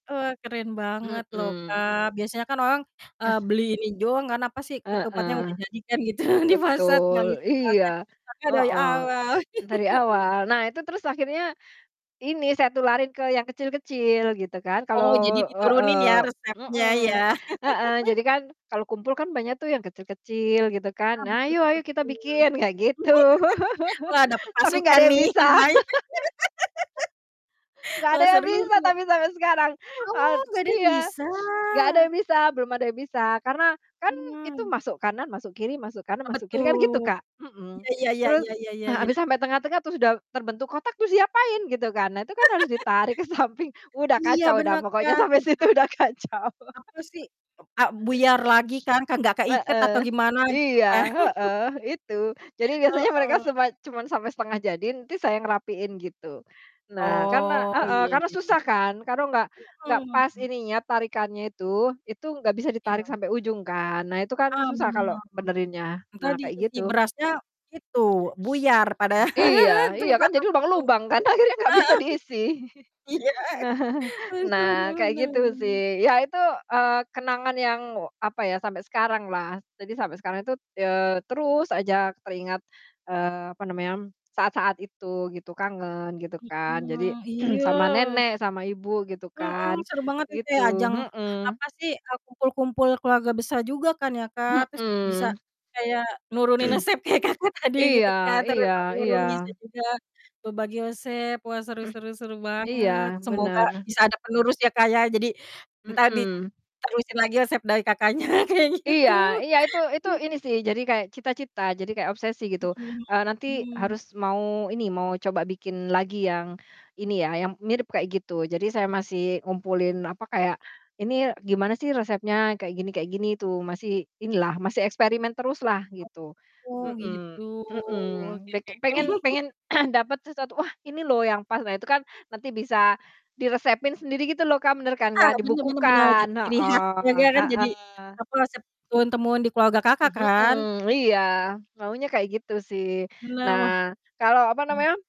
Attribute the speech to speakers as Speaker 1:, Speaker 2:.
Speaker 1: Wah, keren banget loh
Speaker 2: Mhm.
Speaker 1: Kak, biasanya kan orang, eee, beli ini doang apa sih, ketupat yang
Speaker 2: Heeh.
Speaker 1: udah jadi kan gitu di pasar tinggal
Speaker 2: Betul
Speaker 1: ngisi
Speaker 2: iya,
Speaker 1: ketupatnya, Kakak dari
Speaker 2: heeh,
Speaker 1: awal.
Speaker 2: dari
Speaker 1: heeh.
Speaker 2: awal. Nah itu terus akhirnya ini saya tularin ke yang kecil-kecil gitu kan.
Speaker 1: Oh, jadi
Speaker 2: Kalau
Speaker 1: diturunin
Speaker 2: heeh,
Speaker 1: ya, resepnya
Speaker 2: mhm,
Speaker 1: ya.
Speaker 2: heeh. Jadi kan kalau kumpul kan banyak tuh yang kecil-kecil gitu kan.
Speaker 1: Nah,
Speaker 2: Nah,
Speaker 1: betul
Speaker 2: "Ayo ayo
Speaker 1: betul
Speaker 2: kita
Speaker 1: betul.
Speaker 2: bikin," kayak gitu.
Speaker 1: Wah dapat
Speaker 2: Tapi nggak
Speaker 1: pasukan
Speaker 2: ada yang
Speaker 1: nih
Speaker 2: bisa.
Speaker 1: lumayan.
Speaker 2: Nggak ada
Speaker 1: Wah
Speaker 2: yang
Speaker 1: seru.
Speaker 2: bisa tapi sampai sekarang.
Speaker 1: Oh
Speaker 2: Od
Speaker 1: nggak ada yang
Speaker 2: iya.
Speaker 1: bisa.
Speaker 2: Nggak ada yang bisa, belum ada yang bisa. Karena kan itu
Speaker 1: Mmm.
Speaker 2: masuk kanan, masuk kiri, masuk kanan,
Speaker 1: Apa
Speaker 2: masuk kiri
Speaker 1: tuh?
Speaker 2: kan gitu, Kak. Mhm,
Speaker 1: Iya iya
Speaker 2: terus,
Speaker 1: iya iya iya
Speaker 2: ah,
Speaker 1: iya.
Speaker 2: habis sampai tengah-tengah itu sudah terbentuk kotak terus diapain gitu kan. Nah, tu kan harus ditarik ke samping udah
Speaker 1: Iya
Speaker 2: kacau dah
Speaker 1: bener
Speaker 2: pokoknya
Speaker 1: kan
Speaker 2: sampai situ
Speaker 1: [unintelligible]
Speaker 2: udah kacau.
Speaker 1: Aku sih, p a buyar lagi kan, ka nggak keikat atau
Speaker 2: Heeh.
Speaker 1: gimana gitu
Speaker 2: Iya,
Speaker 1: kan.
Speaker 2: heeh, itu. Jadi biasanya mereka
Speaker 1: Heeh.
Speaker 2: cuma cuma sampai setengah jadi saya ngerapiin gitu. Nah karena
Speaker 1: Oh,
Speaker 2: heeh,
Speaker 1: iya
Speaker 2: karena
Speaker 1: iya iya.
Speaker 2: susah kan kalau nggak nggak pas
Speaker 1: Mhm.
Speaker 2: ininya tarikannya itu. Itu nggak bisa ditarik
Speaker 1: Iya.
Speaker 2: sampai ujung kan. Nah itu kan
Speaker 1: Ah,
Speaker 2: susah kalau
Speaker 1: bener.
Speaker 2: benerinnya.
Speaker 1: Entar
Speaker 2: Nah kayak
Speaker 1: diisi
Speaker 2: gitu.
Speaker 1: berasnya itu buyar pada,
Speaker 2: Iya iya kan
Speaker 1: tempatnya
Speaker 2: jadi
Speaker 1: penuh.
Speaker 2: lubang-lubang kan akhirnya nggak bisa
Speaker 1: Heeh,
Speaker 2: diisi.
Speaker 1: iya
Speaker 2: Nah
Speaker 1: haduh, bener
Speaker 2: nah kayak gitu
Speaker 1: bener
Speaker 2: sih. Ya itu, eee, kenangan yang apa ya sampai sekarang lah. Jadi sampai sekarang itu, eee, terus aja teringat, eee, apa namanya saat-saat itu gitu kangen gitu kan. Jadi
Speaker 1: Mhm. Iya
Speaker 2: sama
Speaker 1: s
Speaker 2: nenek sama ibu gitu
Speaker 1: Mhm.
Speaker 2: kan
Speaker 1: Seru banget gitu ya.
Speaker 2: gitu.
Speaker 1: Ajang
Speaker 2: Hmm.
Speaker 1: apa sih, eee, kumpul-kumpul keluarga besar juga kan ya, Kak. Terus bisa
Speaker 2: Hmm.
Speaker 1: kayak nurunin resep kayak Kakak tadi gitu
Speaker 2: Iya
Speaker 1: kan turun
Speaker 2: iya iya.
Speaker 1: temurun, bisa juga berbagi resep. Wah seru seru seru banget
Speaker 2: Iya
Speaker 1: semoga
Speaker 2: bener.
Speaker 1: bisa ada penerus ya Kak, ya, jadi entar
Speaker 2: Mhm.
Speaker 1: diterusin lagi resep dari Kakaknya kayak
Speaker 2: Iya
Speaker 1: gitu
Speaker 2: iya, itu itu ini sih, jadi kayak cita-cita jadi kayak obsesi gitu,
Speaker 1: Mhm
Speaker 2: eee, nanti
Speaker 1: mhm.
Speaker 2: harus mau ini, mau coba bikin lagi yang ini ya, yang mirip kayak gitu. Jadi saya masih ngumpulin apa kayak ini gimana sih resepnya kayak gini kayak gini tuh masih ini lah, masih eksperimen terus lah gitu.
Speaker 1: Oh,
Speaker 2: Mhm
Speaker 1: gitu,
Speaker 2: mhm.
Speaker 1: oke
Speaker 2: Pe
Speaker 1: oke oke.
Speaker 2: pengen pengen dapet sesuatu, "Wah ini loh yang pas." Nah itu kan nanti bisa diresepin sendiri gitu loh, Kak. Bener kan
Speaker 1: Ah
Speaker 2: Kak,
Speaker 1: bener bener benar,
Speaker 2: dibukukan.
Speaker 1: jadi ciri khas
Speaker 2: Heeh,
Speaker 1: keluarga kan jadi
Speaker 2: heeh.
Speaker 1: apa, resep turun termurun di keluarga Kakak kan?
Speaker 2: Mhm, iya maunya kayak gitu sih.
Speaker 1: Bener, wah.
Speaker 2: Nah, kalau apa
Speaker 1: Hmm.
Speaker 2: namanya?